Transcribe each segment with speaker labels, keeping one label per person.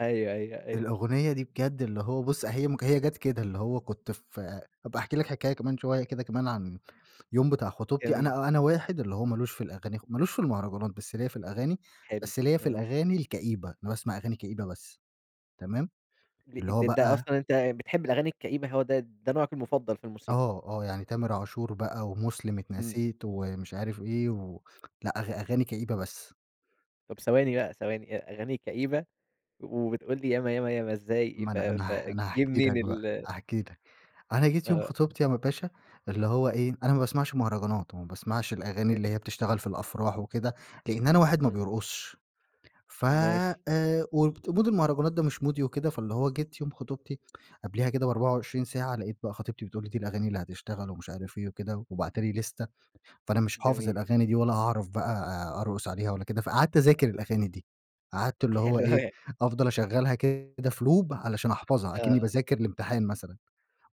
Speaker 1: أيوه أيوه أيوه.
Speaker 2: الأغنية دي بجد اللي هو بُص هي م هي جات كده اللي هو كنت ف هابقى أحكِي لك حكاية كمان شويّة كده كمان عن اليوم بتاع خطوبتي،
Speaker 1: جميل.
Speaker 2: أنا أنا واحد اللي هو مالوش في الأغاني خ مالوش في المهرجانات، بس ليَّ في الأغاني
Speaker 1: حلو
Speaker 2: بس ليَّ في
Speaker 1: آه.
Speaker 2: الأغاني الكئيبة، أنا باسمع أغاني كئيبة بس. تمام،
Speaker 1: د
Speaker 2: اللي
Speaker 1: د
Speaker 2: هو
Speaker 1: ده
Speaker 2: بقى
Speaker 1: أصلًا أنت بتحب الأغاني الكئيبة، هو د ده نوعك المفضل في الموسيقى؟
Speaker 2: آه، آه يعني تامر عاشور بقى، ومُسلم
Speaker 1: امم.
Speaker 2: اتنسيت ومش عارف إيه، و لأ أغ أغاني كئيبة بس.
Speaker 1: طب ثواني بقى ثواني أ أغاني كئيبة، وبتقول لي ياما، ياما، ياما إزاي
Speaker 2: ما
Speaker 1: ف
Speaker 2: أنا أنا ه أنا
Speaker 1: فجِه
Speaker 2: هاحكِي
Speaker 1: منين
Speaker 2: لك بقى،
Speaker 1: ال
Speaker 2: هاحكِي لك، أنا جيت يوم
Speaker 1: آه.
Speaker 2: خطوبتي يا م باشا اللي هو إيه، أنا ما باسمعش مهرجانات، وما باسمعش الأغاني اللي
Speaker 1: حلو.
Speaker 2: هي بتشتغل في الأفراح وكده، لإن أنا واحد ما
Speaker 1: امم.
Speaker 2: بيرقصش ف
Speaker 1: ماشي.
Speaker 2: آآ وت ومود المهرجانات ده مش مودي وكده، فاللي هو جيت يوم خطوبتي قبليها كده ب24 ساعة، لقيت بقى خطيبتي بتقول لي دي الأغاني اللي هتشتغل ومش عارف إيه وكده، وباعتة لي ليستة فأنا مش حافظ
Speaker 1: جميل.
Speaker 2: الأغاني دي، ولا هاعرف بقى أرقص عليها ولا كده، فقعدت اذاكر الأغاني دي. قعدت اللي هو
Speaker 1: حلو
Speaker 2: إيه
Speaker 1: أوي.
Speaker 2: أفضل أشغّلها كده في لوب علشان أحفظها
Speaker 1: آه
Speaker 2: أكني
Speaker 1: آه.
Speaker 2: باذاكر لإمتحان مثلًا،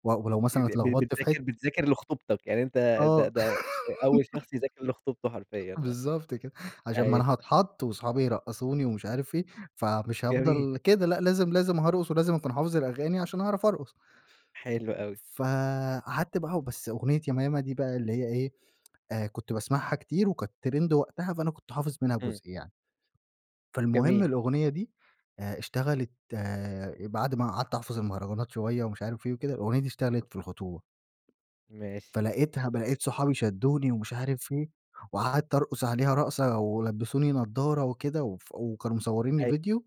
Speaker 2: و ولو مثلًا
Speaker 1: [unintelligible] ب
Speaker 2: اتلخبطت في حت
Speaker 1: بتذاكر بتذاكر لخطوبتَك، يعني أنت
Speaker 2: آه.
Speaker 1: د ده أول شخص يذاكر لخطوبته حرفيًا آه.
Speaker 2: بالضبط كده عشان ما
Speaker 1: أيوه.
Speaker 2: أنا هاتحط، وأصحابي يرقّصوني، ومش
Speaker 1: [unintelligible]
Speaker 2: عارف إيه فمش
Speaker 1: جميل.
Speaker 2: هافضل كده، لأ لازم لازم هارقص، ولازم أكون حافظ الأغاني عشان أعرف أرقص.
Speaker 1: حلو أوي.
Speaker 2: فقعدت بقى وبس أغنية ياما، ياما دي بقى اللي هي إيه آآ كنت باسمعها كتير، وكانت ترند وقتها فأنا كنت حافظ منها
Speaker 1: امم.
Speaker 2: جزء يعني. فالمهم
Speaker 1: جميل.
Speaker 2: الأغنية دي آآ اشتغلت بعد ما قعدت أحفظ المهرجانات شوية، ومش عارف إيه وكده، الأغنية دي اشتغلت في الخطوبة
Speaker 1: ماشي.
Speaker 2: فلقيتها ب لقيت صحابي شدّوني ومش عارف إيه، وقعدت أرقص عليها رقصة، ولبسوني نظارة وكده وف وكانوا مصورينّي
Speaker 1: أي
Speaker 2: ڤيديو،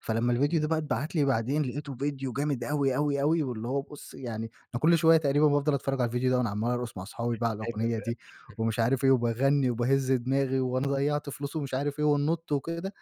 Speaker 2: فلما الڤيديو ده
Speaker 1: امم.
Speaker 2: بقى اتبعت لي بعدين لقيته ڤيديو جامد أوي، أوي، أوي واللي هو بُص يعني أنا كل شويّة تقريبًا بافضل أتفرج على الڤيديو ده، وأنا عمّال أرقص مع أصحابي بقى على الأغنية دي،
Speaker 1: [unintelligible]
Speaker 2: ومش عارف إيه وباغنّي، وباهز دماغي، وأنا ضيعت فلوس ومش عارف إيه، وننط وكده،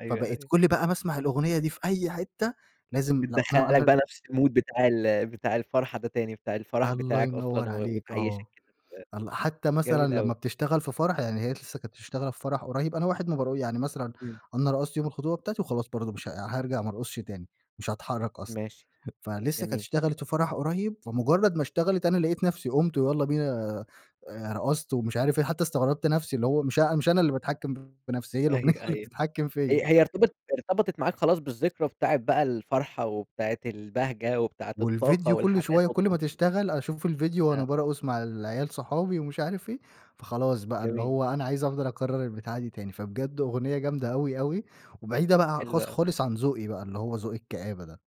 Speaker 1: أيوه
Speaker 2: فبقيت
Speaker 1: أيوه.
Speaker 2: كل بقى ما اسمع الأغنية دي في أي حتّة لازم لو أنا
Speaker 1: بتدخّلك
Speaker 2: أنا
Speaker 1: بقى نفس المود بتاع ال بتاع الفرحة ده تاني، بتاع الفرح
Speaker 2: الله
Speaker 1: بتاعك
Speaker 2: ينور
Speaker 1: أصلًا و
Speaker 2: عليك آه،
Speaker 1: وتعيشّك كده.
Speaker 2: الل حتّى
Speaker 1: [unintelligible]
Speaker 2: مثلًا
Speaker 1: جميل
Speaker 2: لما
Speaker 1: أوي.
Speaker 2: بتشتغل في فرح يعني هي لسّه كانت مشتغلة في فرح قريب، أنا واحد ما بارق يعني مثلًا
Speaker 1: امم.
Speaker 2: أنا رقصت يوم الخطوبة بتاعتي، وخلاص برضو مش ها هارجع ما ارقصش تاني، مش هاتحرك أصلًا
Speaker 1: ماشي
Speaker 2: فلسه كانت
Speaker 1: جميل.
Speaker 2: اشتغلت في فرح قريب، فمجرد ما اشتغلت أنا لقيت نفسي قُمت ويلّا بينا آآ رقصت ومش عارف إيه، حتّى استغربت نفسي اللي هو مش أ مش أنا اللي باتحكم في نفسي هى الأغنية
Speaker 1: أيوه
Speaker 2: اللي
Speaker 1: أيوه
Speaker 2: بتتحكم فيَّ.
Speaker 1: هي هي ارتبطت ارتبطت معاك خلاص بالذكرى بتاعة بقى الفرحة، وبتاعة البهجة، وبتاعة الطاقة
Speaker 2: والڤيديو كل شوية،
Speaker 1: والحماس،
Speaker 2: كل ما
Speaker 1: والتنتيط [unintelligible]
Speaker 2: تشتغل أشوف الڤيديو وأنا
Speaker 1: آه.
Speaker 2: بارقص مع العيال صحابي، ومش عارف إيه، فخلاص بقى اللي
Speaker 1: جميل.
Speaker 2: هو أنا عايز أفضل أكرر البتاعة دي تاني، فبجد أغنية جامدة أوي، أوي وبعيدة بقى ع
Speaker 1: حلو
Speaker 2: خالص،
Speaker 1: أوي.
Speaker 2: خالص عن ذوقي بقى، اللي هو ذوق الكآبة ده.